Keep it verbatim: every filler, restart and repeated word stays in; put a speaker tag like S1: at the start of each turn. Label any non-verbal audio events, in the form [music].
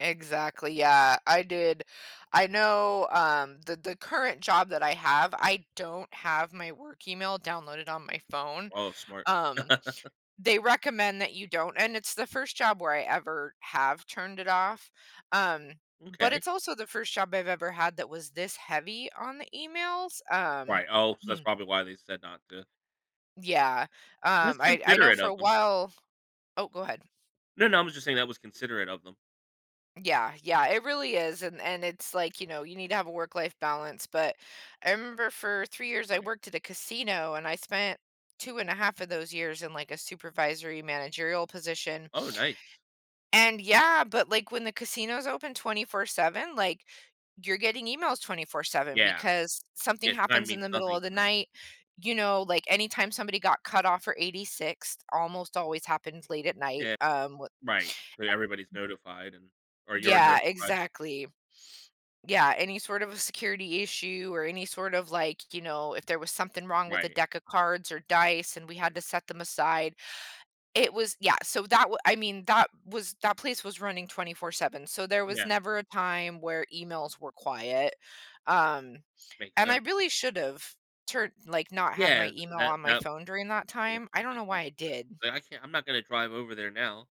S1: Exactly, yeah, I did I know, um, the the current job that I have, I don't have my work email downloaded on my phone,
S2: Oh, smart.
S1: um,
S2: [laughs]
S1: they recommend that you don't, and it's the first job where I ever have turned it off, um, but
S2: M'kay.
S1: it's also the first job I've ever had that was this heavy on the emails, um
S2: Right oh, so that's
S1: [clears throat]
S2: probably why they said not to.
S1: Yeah,
S2: That's
S1: um, I I know
S2: considerate
S1: for a
S2: of them.
S1: while oh, go ahead.
S2: No, no, I'm just saying that was considerate of them.
S1: Yeah, yeah, it really is, and and it's, like, you know, you need to have a work-life balance, but I remember for three years, I
S2: Right.
S1: worked at a casino and I spent two and a half of those years in, like, a supervisory managerial position
S2: Oh, nice.
S1: and yeah, but, like, when the casino's open twenty-four seven, like, you're getting emails twenty-four seven,
S2: Yeah,
S1: because something
S2: yeah, time
S1: happens in
S2: means
S1: the middle
S2: nothing
S1: of
S2: to
S1: the
S2: them.
S1: night, you know, like, anytime somebody got cut off or eighty-sixed, almost always happens late at night,
S2: Yeah,
S1: um, wh a
S2: right, where everybody's
S1: w
S2: notified and or you're
S1: Yeah,
S2: notified.
S1: exactly. Yeah, any sort of a security issue or any sort of, like, you know, if there was something wrong with a
S2: Right.
S1: deck of cards or dice and we had to set them aside, it was yeah, so that wa I mean, that was that place was running twenty-four seven, so there was
S2: Yeah.
S1: never a time where emails were quiet, um,
S2: Makes
S1: and I
S2: sense.
S1: really should've turned like, not had
S2: Yeah,
S1: my
S2: th
S1: email
S2: that
S1: on my
S2: that
S1: phone during that time, I
S2: [unintelligible]
S1: don't know why I did.
S2: but I can't I'm not gonna drive over there now.